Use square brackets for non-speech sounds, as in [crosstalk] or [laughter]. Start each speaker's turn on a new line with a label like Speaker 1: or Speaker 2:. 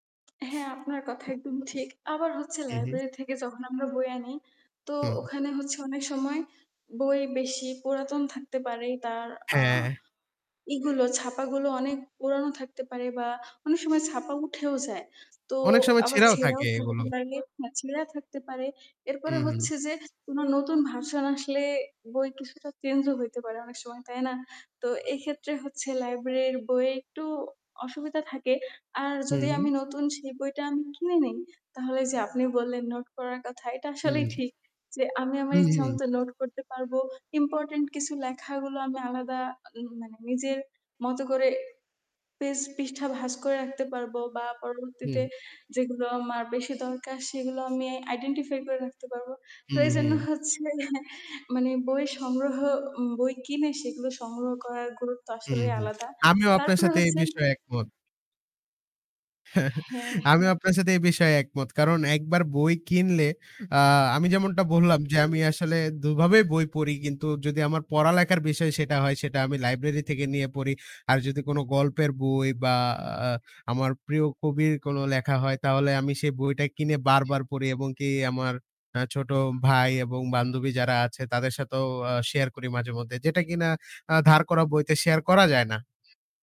Speaker 1: হ্যাঁ, আপনার কথা একদম ঠিক। আবার হচ্ছে
Speaker 2: হু, হু।
Speaker 1: লাইব্রেরি থেকে যখন আমরা বই আনি, তো
Speaker 2: হুম।
Speaker 1: ওখানে হচ্ছে অনেক সময় বই বেশি পুরাতন থাকতে পারে। তার আ
Speaker 2: হ্যাঁ।
Speaker 1: ই গুলো ছাপাগুলো অনেক পুরানো থাকতে পারে, বা অনেক সময় ছাপা উঠেও যায়। তো
Speaker 2: অনেক সময়
Speaker 1: আবার
Speaker 2: ছেঁড়াও
Speaker 1: ছেঁড়াও
Speaker 2: থাকে
Speaker 1: থাকতে
Speaker 2: এগুলো।
Speaker 1: পারে, হ্যা ছেঁড়া থাকতে পারে। এরপরে
Speaker 2: হুম, হুম।
Speaker 1: হচ্ছে যে, কোনো নতুন ভার্সন আসলে বই কিছুটা চেঞ্জও হইতে পারে অনেক সময়। তাই না? তো এই ক্ষেত্রে হচ্ছে, লাইব্রেরীর বইয়ে একটু অসুবিধা থাকে। আর
Speaker 2: হুম,
Speaker 1: যদি আমি
Speaker 2: হুম।
Speaker 1: নতুন সেই বইটা আমি কিনে নিই, তাহলে যে আপনি বললেন নোট করার কথা এটা
Speaker 2: হুম।
Speaker 1: আসলেই ঠিক। যে আমি আমার
Speaker 2: হু, হু।
Speaker 1: ইচ্ছামতো নোট করতে পারবো। ইম্পোর্টেন্ট কিছু লেখাগুলো আমি আলাদা উম মানে নিজের মতো করে পেজ পৃষ্ঠা ভাজ করে রাখতে পারবো। বা
Speaker 2: হুম।
Speaker 1: পরবর্তীতে যেগুলো আমার বেশি দরকার সেগুলো আমি আইডেন্টিফাই করে রাখতে পারবো। তো
Speaker 2: হু,
Speaker 1: এইজন্য
Speaker 2: হু।
Speaker 1: হচ্ছে মানে বই সংগ্রহ ও বই কিনে সেগুলো সংগ্রহ করার গুরুত্ব
Speaker 2: হুম,
Speaker 1: আসলেই
Speaker 2: হুম।
Speaker 1: আলাদা।
Speaker 2: আমিও আপনার
Speaker 1: তারপরে
Speaker 2: সাথে এই
Speaker 1: হচ্ছে
Speaker 2: বিষয়ে একমত।
Speaker 1: হ্যাঁ।
Speaker 2: [chuckles] আমিও আপনার সাথে এই বিষয়ে একমত। কারণ একবার বই কিনলে, আ আমি যেমনটা বললাম যে আমি আসলে দুভাবেই বই পড়ি। কিন্তু যদি আমার পড়ালেখার বিষয় সেটা হয় সেটা আমি লাইব্রেরি থেকে নিয়ে পড়ি। আর যদি কোন গল্পের বই বা, আ আমার প্রিয় কবির কোন লেখা হয়। তাহলে আমি সেই বইটা কিনে বারবার পড়ি, এবং কি আমার আ ছোট ভাই এবং বান্ধবী যারা আছে তাদের সাথেও আ শেয়ার করি মাঝেমধ্যে। যেটা কিনা আ ধার করা বইতে শেয়ার করা যায় না।